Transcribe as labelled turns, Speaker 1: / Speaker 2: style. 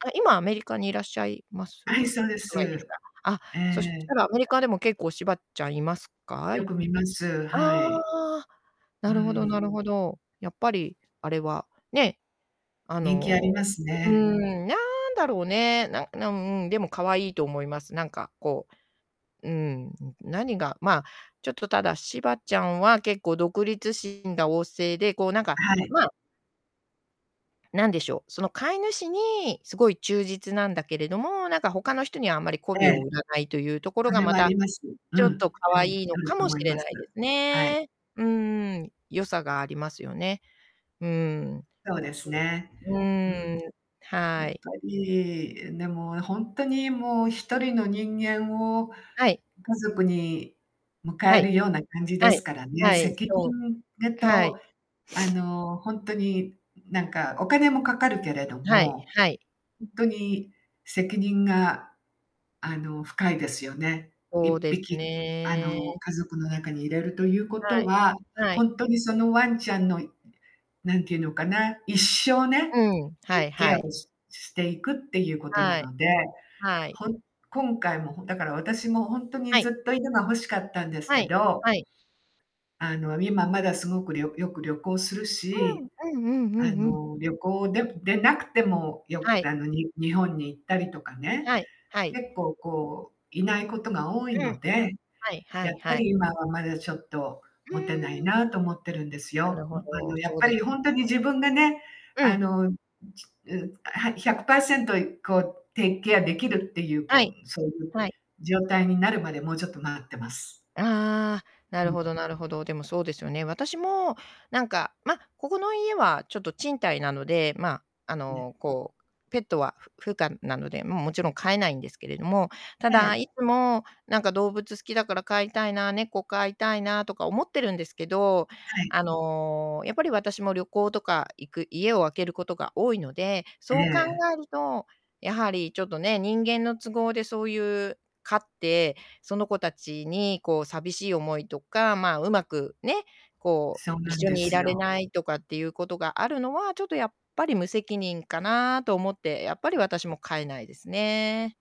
Speaker 1: あ、今アメリカにいらっしゃいます？お
Speaker 2: はい、
Speaker 1: 住
Speaker 2: そうで
Speaker 1: まいです
Speaker 2: す。
Speaker 1: か。あ、
Speaker 2: え
Speaker 1: そした
Speaker 2: え。
Speaker 1: らアメリカでも結構、柴ちゃんいますか？
Speaker 2: よく見ます、
Speaker 1: あ
Speaker 2: はい。
Speaker 1: あ、な
Speaker 2: う
Speaker 1: るほどな
Speaker 2: ん。
Speaker 1: るほど。やっぱり、あれは、ね。あ
Speaker 2: 人気あ
Speaker 1: の、
Speaker 2: ります
Speaker 1: う
Speaker 2: ね。
Speaker 1: ん、なんだろうね、なんなんうん、でも可愛いと思います。なんかこう、うん、何が、まあ、ちょっとただ柴ちゃんは結構独立心が旺盛で、こうなんか、
Speaker 2: はい。
Speaker 1: まあ何でしょう、その飼い主にすごい忠実なんだけれども、なんか他の人にはあんまり媚
Speaker 2: え
Speaker 1: び
Speaker 2: え。
Speaker 1: を売らないというところ
Speaker 2: そ
Speaker 1: が
Speaker 2: れ
Speaker 1: ま
Speaker 2: はあ
Speaker 1: た、
Speaker 2: ります。うん。
Speaker 1: ちょっと可
Speaker 2: あり
Speaker 1: 愛いの
Speaker 2: ある
Speaker 1: か
Speaker 2: と
Speaker 1: も
Speaker 2: 思
Speaker 1: し
Speaker 2: い
Speaker 1: れ
Speaker 2: ます。
Speaker 1: ないです
Speaker 2: はい。
Speaker 1: ね。うんうん。良さがありますよね。うん。
Speaker 2: そうで
Speaker 1: そ
Speaker 2: すね。
Speaker 1: う。うん
Speaker 2: う
Speaker 1: うん
Speaker 2: ん。
Speaker 1: うん、
Speaker 2: や
Speaker 1: は
Speaker 2: っぱ
Speaker 1: い。
Speaker 2: り、でも本当にもう1人の人間を
Speaker 1: はい。
Speaker 2: 家族に迎
Speaker 1: は
Speaker 2: え
Speaker 1: い。
Speaker 2: るような感じで
Speaker 1: は
Speaker 2: す
Speaker 1: い、
Speaker 2: からね。
Speaker 1: はい、
Speaker 2: 責
Speaker 1: そう。
Speaker 2: 任ぐ
Speaker 1: はい。
Speaker 2: と、あの本当に何かお金もかかるけれど
Speaker 1: はい
Speaker 2: も、
Speaker 1: はい。
Speaker 2: 本当に責任があの深いですよね。い
Speaker 1: そ
Speaker 2: っ
Speaker 1: うで
Speaker 2: ぴ
Speaker 1: す
Speaker 2: き、あの
Speaker 1: ね。
Speaker 2: 家族の中に入れるというこ
Speaker 1: は
Speaker 2: と
Speaker 1: い。
Speaker 2: は、
Speaker 1: は
Speaker 2: ほ
Speaker 1: い。
Speaker 2: んとにそのワンちゃんのなんていうのかな、一生ね、
Speaker 1: うん、は
Speaker 2: ケ
Speaker 1: い
Speaker 2: ケ
Speaker 1: は
Speaker 2: アを
Speaker 1: い。
Speaker 2: ししていくっていうことな
Speaker 1: はい。
Speaker 2: ので、
Speaker 1: はい。
Speaker 2: ほん今回も、だから私も本当に
Speaker 1: はい。
Speaker 2: ずっと犬が欲しかったんです
Speaker 1: は
Speaker 2: け
Speaker 1: い。
Speaker 2: ど
Speaker 1: はい。
Speaker 2: あの今まだすごくりょよく旅行する
Speaker 1: うん、
Speaker 2: し、
Speaker 1: うんうんう
Speaker 2: あ
Speaker 1: んうん。
Speaker 2: の、旅行ででなくても、よ
Speaker 1: は
Speaker 2: く
Speaker 1: い。
Speaker 2: あのに日本に行ったりとかね、
Speaker 1: はい、はい。
Speaker 2: 結構こう、いないことが多い
Speaker 1: うん。
Speaker 2: ので、
Speaker 1: はいは
Speaker 2: や
Speaker 1: い
Speaker 2: っぱ
Speaker 1: はい。
Speaker 2: り今はまだちょっと
Speaker 1: う
Speaker 2: 持てない
Speaker 1: ーん。
Speaker 2: なと思ってるんです
Speaker 1: なる
Speaker 2: よ。
Speaker 1: ほ
Speaker 2: あ
Speaker 1: ど、
Speaker 2: のやっ
Speaker 1: そう
Speaker 2: ぱ
Speaker 1: で
Speaker 2: り
Speaker 1: す。
Speaker 2: 本当に自分がね、
Speaker 1: う
Speaker 2: あ
Speaker 1: ん。
Speaker 2: の、う、あ、100%こう take care できるっていう、こ
Speaker 1: は
Speaker 2: う
Speaker 1: い。
Speaker 2: そういう
Speaker 1: はい。
Speaker 2: 状態になるまでもうちょっと待ってます。
Speaker 1: ああ、な
Speaker 2: う
Speaker 1: るほ
Speaker 2: ん。
Speaker 1: どなるほど。でもそうですよね。私もなんかまあ、ここの家はちょっと賃貸なので、ま、あ
Speaker 2: ね。
Speaker 1: のこう、ペットはふ不可なので、もう、もちろん飼えないんですけれども、た
Speaker 2: え
Speaker 1: だ
Speaker 2: え。
Speaker 1: いつもなんか動物好きだから飼いたいな、猫飼いたいなとか思ってるんですけど、
Speaker 2: はい。
Speaker 1: あの、やっぱり私も旅行とか行く家を空けることが多いので、
Speaker 2: え
Speaker 1: そう考
Speaker 2: え。
Speaker 1: えると、やはりちょっとね、人間の都合でそういう飼って、その子たちにこう寂しい思いとか、まあ、うまくね、こう
Speaker 2: そうなん
Speaker 1: 一緒
Speaker 2: で
Speaker 1: にい
Speaker 2: す
Speaker 1: られ
Speaker 2: よ。
Speaker 1: ないとかっていうことがあるのは、ちょっとやっぱり無責任かなと思って、やっぱり私も飼えないですね。